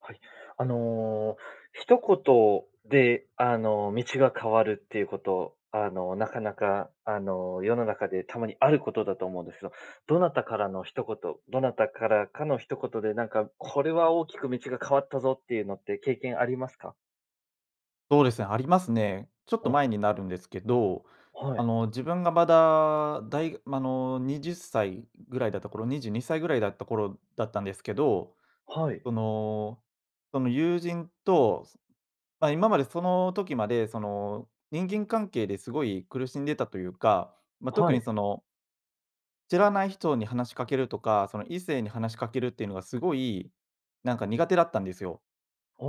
はい。あの一言であの、道が変わるっていうこと、あの、なかなかあの、世の中でたまにあることだと思うんですけど。どなたからの一言どなたからかの一言で、なんかこれは大きく道が変わったぞっていうのって経験ありますか？そうですね、ありますね。ちょっとお。前になるんですけど、はあい。の自分がまだ、だいま、あの20歳ぐらいだった頃、22歳ぐらいだった頃だったんですけど、はい。その、その友人と、ま、今までその時まで、その人間関係ですごい苦しんでたというか、ま、特はにい。その知らない人に話しかけるとか、その異性に話しかけるっていうのがすごい、なんか苦手だったんですよ。あ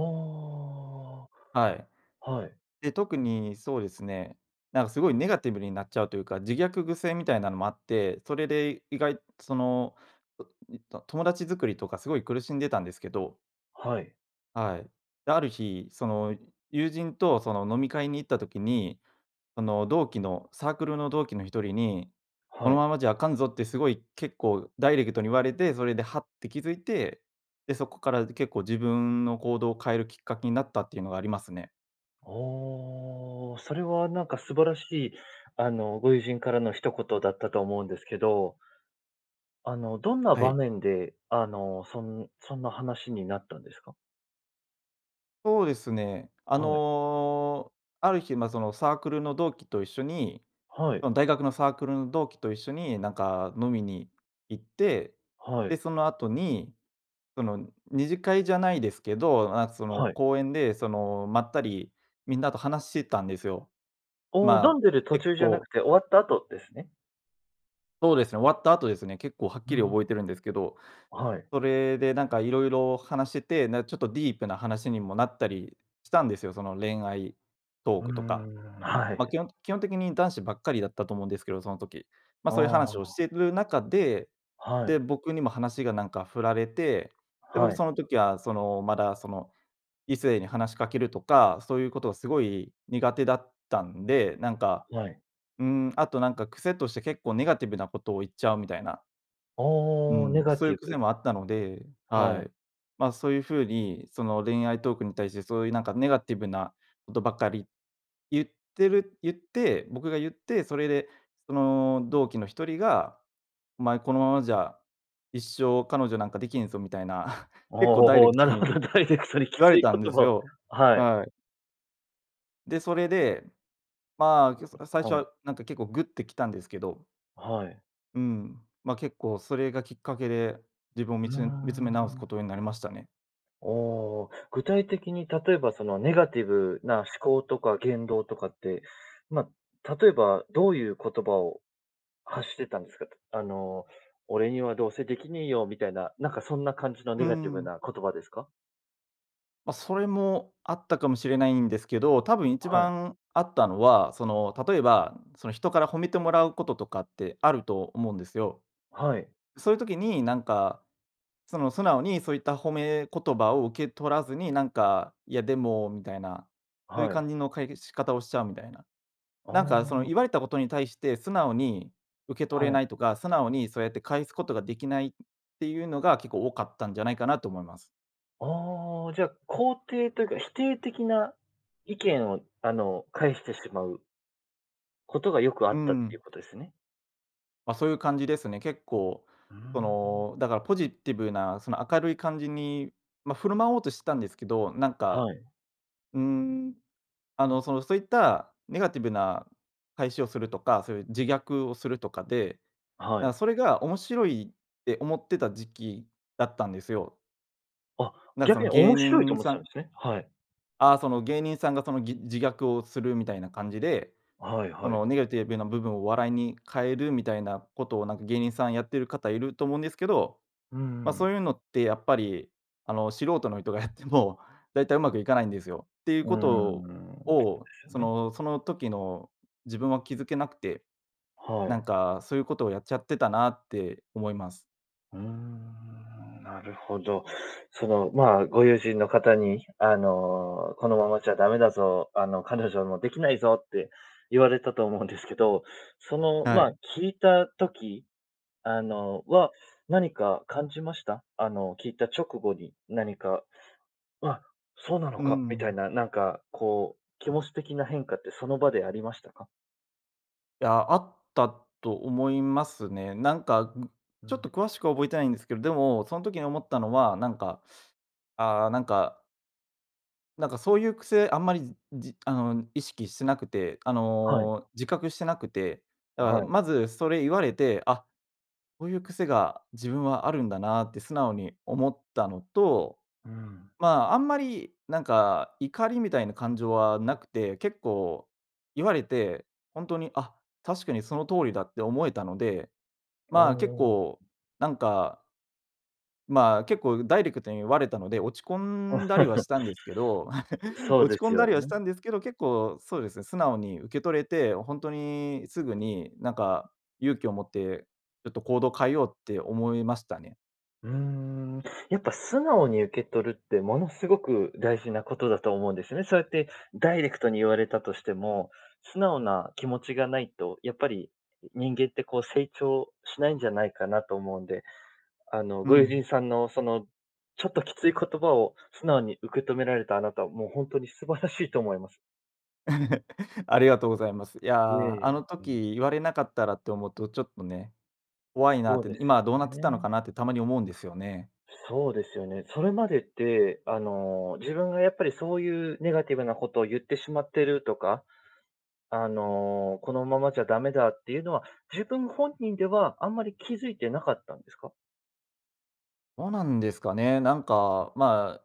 はい。あ。はい。で、特にそうですね、なんかすごいネガティブになっちゃうというか、自虐癖みたいなのもあって、それで意外その、特にと友達作りとかすごい苦しんでたんですけど。はい。はい。だ、ある日、その友人とその飲み会に行った時に、その同期の、サークルの同期の一人に「こはのい。ままじゃ、あかんぞ」ってすごい結構ダイレクトに言われて、それではって気づいて、で、そこから、で、結構自分の行動を変えるきっかけになったっていうのがありますね。おお、それはなんか素晴らしい、あの、ご友人からの一言だったと思うんですけど。あの、どんなは場い。面で、あの、そんそんな話になったんですか？そうですね。あはい。の、ある日、ま、そのサークルの同期と一緒にはい。の大学のサークルの同期と一緒に、なんか飲みに行って、はで、い。その後に、その二次会じゃないですけど、な、その、はい。公園で、その、まったりみんなと話したんですよ。おお、飲まんあ、でる途結中じゃな構くて、終わった後ですね？そうですね、終わった後ですね、結構はっうきりんうん。覚えてるんですけど、はい。それでなんかいろいろ話してて、な、ちょっとディープな話にもなったりしたんですよ。その恋愛トーうークとか。ん、はま、い。基本基本的に男子ばっかりだったと思うんですけど、その時。ま、あそういう話をしあ。てる中で、はで、い。僕にも話がなんか振られて、で、は僕い。その時は、その、まだその、異性に話しかけるとか、そういうことがすごい苦手だったんで、なんか、はい。うーん、あとなんか癖として結構ネガティブなことを言っちゃうみたいな。あうあ、ネん、ガそういテうィ癖ブ。もあったので、ははい。い。ま、そういう風にその恋愛トークに対してそういうなんかネガティブなとばかり言ってる言って僕が言って、それで、その同期の一人が「お前このままじゃ、一生彼女なんかできんぞ」みたいな、お、結構ほほダイレほ、クなトるほにど。ダイレクトにき言わつれいたこんでとすを、よ。はい。はい。で、それで、まあ、ちょそ、あ、最初はい。はなんか結構、グッてきたんですけど。はい。うん。ま、結構それがきっかけで、自分をうーみつん見つめ直すこん。とになりましたね。おお、具体的に例えばその、ネガティブな思考とか言動とかって、ま、例えばどういう言葉を、発してたんですかとあの、俺にはどうせできねえよ、みたいな、なんかそんな感じの、うネガティブん。な言葉ですか？ま、それも、あったかもしれないんですけど、多分一はい。番あったのは、その例えば、その、人から褒めてもらうこととかって、あると思うんですよ。はい。そういう時になんか、その素直に、そういった褒め言葉を受け取らずに、なんか、いやでも、みたいな、そういうは感い。じの、解決仕方をしちゃうみたいな。なんあかその、言わあ。れたことに対して素直に受け取れはい。ないとか、素直にそうやって返すことができないっていうのが、結構多かったんじゃないかなと思います。ああ、じゃあ、肯定というか、否定的な意見を、あの、返してしまう事が良くあうっんたっうていうん。ことですね。ま、そう言う感じですね。結構うーそん。の、だからポジティブな、その明るい感じに、ま、振る舞おうとしてたんですけど、なんか、はい。うーん。あのその、そう言ったネガティブな返しをするとか、そう言う自虐をするとかで、はなんかい。それが面白いって思ってた時期だったんですよ。あ、なんか、そ逆のに芸面白いと人思っさてたんんですね、はい。ああ、その芸人さんが、その、ぎ自虐をするみたいな感じで、はいそはい。のネガティブな部分を笑いに変えるみたいな事を、なんか芸人さんやってる方いると思うんですけど、うんうま、そん。う言うのって、やっぱり、あの素人の人がやっても、大体うまくいかないんですよって言ううー事ん、でを、すよそね。のその時の自分は気付けなくて、はなんい。か、そう言う事をやっちゃってたなって思います。うーん、なるほど。その、まあ、ご友人の方に、あの、「このままじゃダメだぞ、あの彼女も出来ないぞ」って、言われたと思うんですけど、その、はまあ、い。聞いた時、あのは、何か感じました？あの聞いた直後に、何か、「あ、そうなのうか」みたいん。な。なんかこう、気持ち的な変化って、その場でありましたか？いや、あったと思いますね。なんかぐうちょっとん。詳しくは覚えてないんですけど、でもその時に思ったのはなんか、ああ、なんかなんかそういう癖あんまりじあの意識してなくて。あはい。の自覚してなくて。だかはらい。まず、それ言われて、「あ、こういう癖が自分はあるんだな」って素直に思ったのと、うん。ま、あんまりなんか怒りみたいな感情はなくて、結構言われて、ほんとに、「あ、確かにその通りだ」って思えたので、おま、結お。構なんかまあ結構ダイレクトに言われたので、落ち込んだりは したんですけど。そうで落ち込すんよだりはしね。たんですけど、結構そうですね、素直に受け取れて、ほんとにすぐになんか勇気を持って、ちょっと行動を変えようって思いましたね。うーん。やっぱ素直に受け取るってものすごく大事なことだと思うんですよね。そうやってダイレクトに言われたとしても、素直な気持ちがないとやっぱり、人間ってこう成長しないんじゃないかなと思うんで、あのうご友人ん。さんのその、ちょっときつい言葉を素直に受け止められたあなたは、もうほんとに素晴らしいと思います。ありがとうございます。いや、あのええ、うん。時言われなかったらって思うと、ちょっとね、怖いなっそうて、です今よはどうなってたのね。かなってたまに思うんですよね。そうですよね。それまでって、あの、自分がやっぱり、そういうネガティブなことを言ってしまってるとか、あの、このままじゃダメだっていうのは、自分本人ではあんまり気づいてなかったんですか？どうなんですかね、なんうん。かまあ、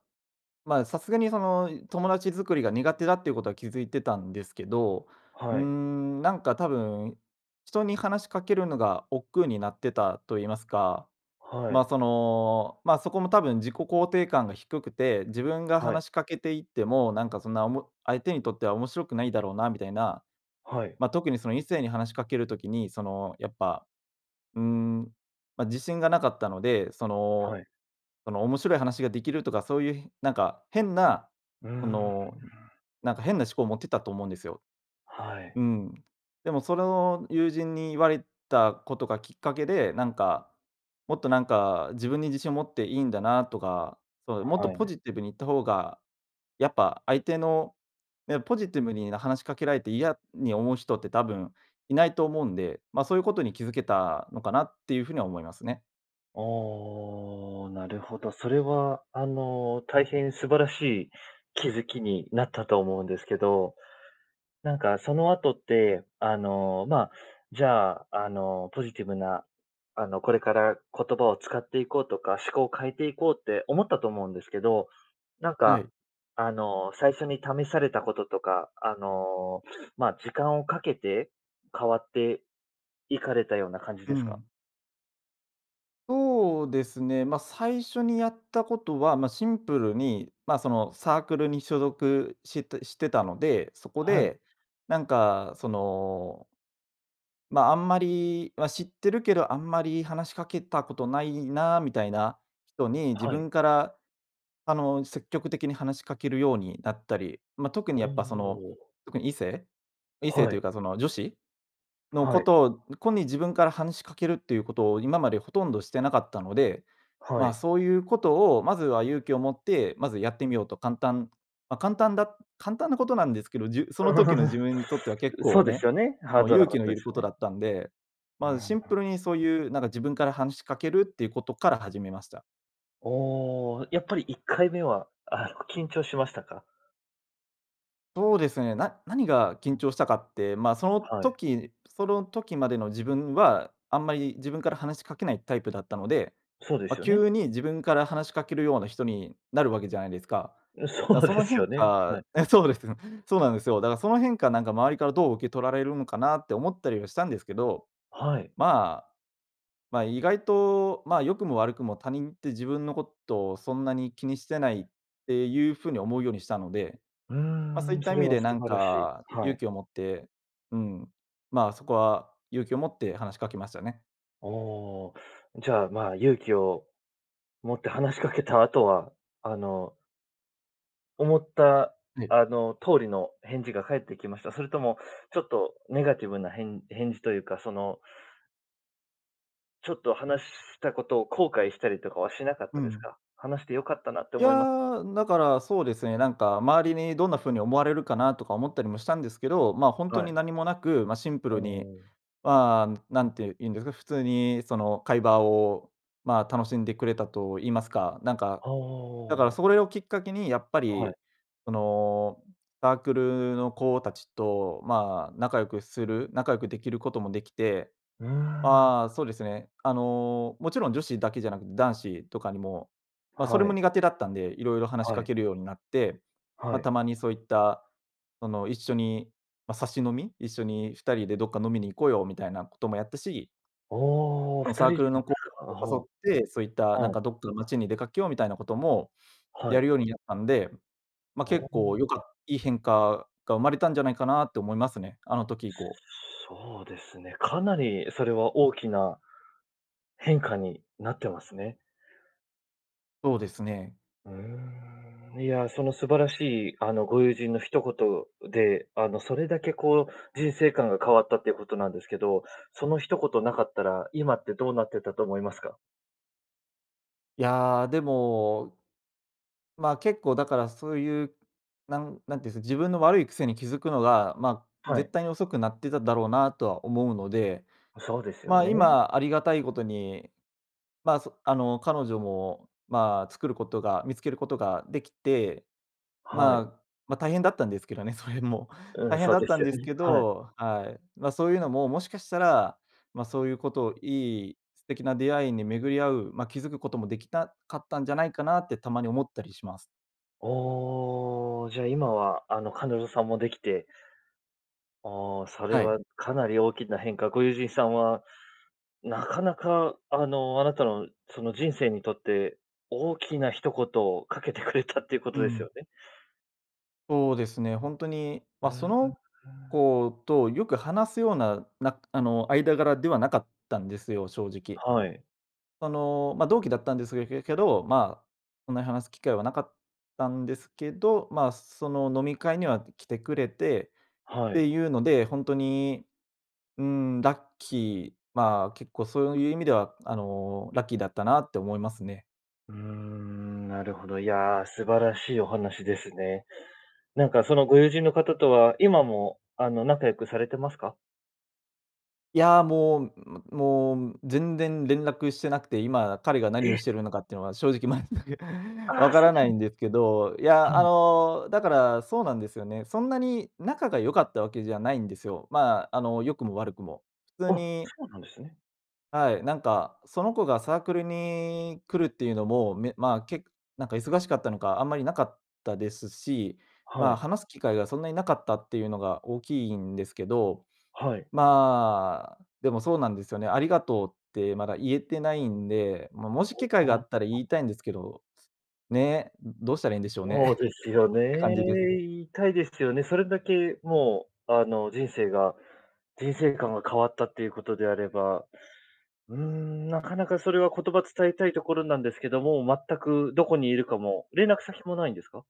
まあさすがにその、友達作りが苦手だっていうことは気づいてたんですけど。うーはい。ん、なんか多分、人に話しかけるのが億劫になってたと言いますか、はまい。あその、まあそこも多分自己肯定感が低くて、自分がはい。話しかけていっても、なんかそんなおも相手にとっては面白くないだろうなみたいな。はい。まあ特にその異性に話しかける時に、その、やっぱ、うん、ま、自信がなかったので、そはの、い。その面白い話ができるとか、そういうなんか変な、うーそん。のなんか変な思考を持ってたと思うんですよ。はい。うん。でもそれを友人に言われたことがきっかけで、なんか、もっとなんか自分に自信を持っていいんだなとか、そう、もっとはい。ポジティブに言った方が、やっぱ相手のね、ポジティブに話しかけられて嫌に思う人って多分いないと思うんで。ま、そういうことに気づけたのかなっていうふうには思いますね。ああ、なるほど。それはあの、大変素晴らしい気づきになったと思うんですけど、なんかその後って、あの、まあ、じゃああの、ポジティブなあの、これから言葉を使っていこうとか、思考を変えていこうって思ったと思うんですけど、なんはかい。あの最初に試されたこととか、あのまあ、時間をかけて、変わっていかれたような感じうですか？ん。そうですね、ま最初にやったことはま、シンプルにまあそのサークルに所属してしてたので、そこはい。でなんかそのまああんまり、ま知ってるけど、あんまり話しかけたことないなあみたいな人に、自はい。分からあの積極的に話しかけるようになったり、ま特におやっぱそのお。特に異性？異性はというい。かその女子？のはこい。とをこに自分から話しかけるっていうことを今までほとんどしてなかったので、はまい。そういうことをまずは勇気を持って、まずやってみようと、簡単ま簡単だ簡単なことなんですけど、じ、その時の自 分にとっては結そ構うですね、よね、ハそーのドな勇こ気のといでるすこよとね。だったんで、うまあシん。ンプルにそういうなんか自分から話しかけるっていうことから始めました。おお、やっぱり1回目はあの緊張しましたか？そうですね、な何がう緊ん。張したかって、まあそのはい。時その時までの自分はあんまり自分から話しかけないタイプだったので、そうでまあ、すよね。急に自分から話しかけるような人になるわけじゃないですか。うん、そだからうそでのす変よね、はい。化そうです、そうなんですよ。だからその変化なんか、周りからどう受け取られるのかなって思ったりはしたんですけど。はい。まあ、まあ意外とまあ、良くも悪くも他人って自分のことをそんなに気にしてないっていうふうに思うようにしたので。うーまあ、そういん、ったそ意れ味はで素なん晴らしい。かは勇い。気を持って、うん、まあそこは勇気を持って話しかけましたね。おお、じゃあまあ、勇気を持って話しかけた後は、あの思ったはい。あの通りの返事が返ってきました？それともちょっとネガティブなへん返事というか、そのちょっと話したことを後悔したりとかはしなかっうたですん。か？話して良かったなってい思いまや、だからそうですね、なんか周りにどんなふうに思われるかなとか思ったりもしたんですけど。まあほんとはにい。何もなく、ま、シンプおルに。お。まあ何て言うんですか、普通にその、会話をまあ楽しんでくれたと言いますか、なんか、あだからあ。それをきっかけにやっぱはい。り、そのサークルの子たちとまあ仲良くする仲良くできることもできて。うーん。ああ、そうですね、あのもちろん女子だけじゃなくて男子とかにもまあ、それはもい。苦手だったんで、色々話しはかい。けるようになって、まはあ、い。たまにそういったその一緒にまあ、サシ飲み、「一緒に2人でどっか飲みに行こうよ」みたいなこともやったし。おお、ふのたサーりクでルの子すか。あ、達ほを、誘って、そういった、う。なんはい。かどっかの街に出かけようみたいなこともはやい。るようになったんで、まあ、お結お。構良かいい変化が生まれたんじゃないかなって思いますね。あの時以降。そうですね、かなりそれは大きな、変化になってますね。そうですね。うーん。いや、その素晴らしいあのご友人の一言で、あのそれだけこう、人生観が変わったっていうことなんですけど、その一言なかったら今ってどうなってたと思いますか？いやあ、でも。まあ結構だからそういう、なんなんていうんです、自分の悪い癖に気づくのが、まあ、は絶い。対に遅くなってただろうなとは思うので、お、そうですよまあ、ね。今ありがたいことに、まあ、そあの彼女も、まあ、作ることが、見つけることができて、はい。まあ、ま、大変だったんですけどね、それも。うん、大変そうだっでたすんよですね、けはい。ど、はい。ま、そういうのももしかしたら、ま、そういうことをいい、素敵な出会いに巡り合う、ま、気づくこともできたかったんじゃないかなってたまに思ったりします。おお、じゃあ、今は、あの、彼女さんも出来てああ、それはは、い。かなり大きな変化。ご友人さんはなかなか、あの、あなたの、その人生にとって、大きな一言を掛けてくれたって言うう事ですん。よね？そうですね、ほんとに、うんま、うん、そうのーん。子と、よく話すような、なくあの、間柄ではなかったんですよ、正直。はい。その、まあ、同期だったんですけけけど、ま、そんなに話す機会はなかったんですけど、ま、その飲み会には来てくれてっはい。ていうので、ほんとに、うーん。ラッキー。まあ、結構そういう意味では、あの、ラッキーだったなって思いますね。うーん、なるほど。いや、素晴らしいお話ですね。なんか、そのご友人の方とは、今も、あの、仲良くされてますか？いや、もう、むもう全然連絡してなくて、今、彼が何え！をしてるのかっていうのは、正直全くあ分あ、かそらうななんいんですけど。いはや、あい。の、だからそうなんですよね。そんなに仲が良かったわけじゃないんですよ。まあ、あの、良くも、悪くも。普通あ、にそうなんですね。はい、なんか、その子がサークルに来るっていうのも、め、まあけなんか忙しかったのかあんまりなかったですし、はまあい。話す機会がそんなになかったっていうのが大きいんですけど、はい。まあでもそうなんですよね。「ありがとう」ってまだ言えてないんで、まあもしあ機会があったらあ。言いたいん [unintelligible] ですけど、ね、どうしたらいいんでしょうねそうで すよて感ね。じです。言いたいですよね。それだけもうあの人生が、人生観が変わったっていうことであれば、うーん、なかなかそれは言葉伝えたいところなんですけども、全くどこにいるかも、連絡先もないんですか？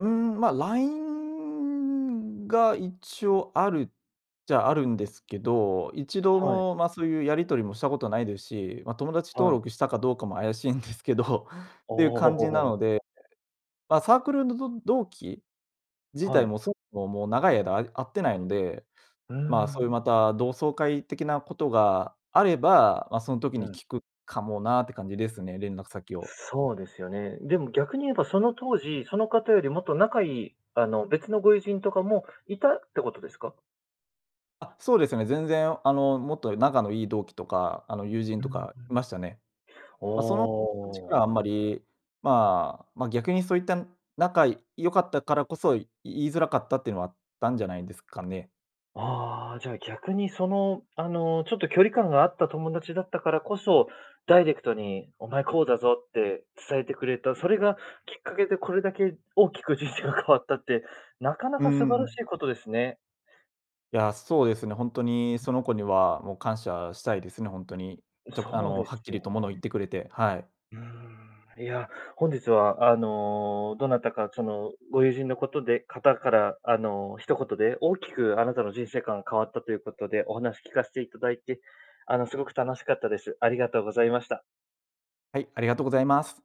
うん、ま、LINE が一応あるっちゃあるんですけど、一度はい。もまあそういうやり取りもしたことないですし、まあ友達は登い。録したかどうかも怪しいんですけど、あていう感じなあ。ので、まあサークルのど同期、自は体い。もそもそももう長い間あ会ってないので、うーまあそうん。いうまた同窓会的なことがあれば、まあその時うにん。聞くかもなあって感じですね、連絡先を。そうですよね。でも逆に言えばその当時、その方よりもっと仲良いあの別のご友人とかもいたってことですか？あ、そうですね。全然あのもっと仲のいい同期とかあの友人うとかいましたね。ま、その人たちからん。はあああ。んまり、まあ、ま、逆にそういった仲良かったからこそ言いづらかったっていうのはあったんじゃないですかね。ああ、じゃあ逆にそのあのちょっと距離感があった友達だったからこそ、ダイレクトにお前こうだぞって伝えてくれた、それがきっかけでこれだけ大きく人生が変わったって、なかなうか素晴らしん。いことですね。いや、そうですね、本当にその子にはもう感謝したいですね、本当に。ちょあそうでのはっすきよりとものを言っね。てくれて、はい。うーん、いや、本日はあの、どなたかそのご友人のことで方からあの一言で大きくあなたの人生観が変わったということでお話聞かせていただいて、あの凄く楽しかったです。ありがとうございました。はい、ありがとうございます。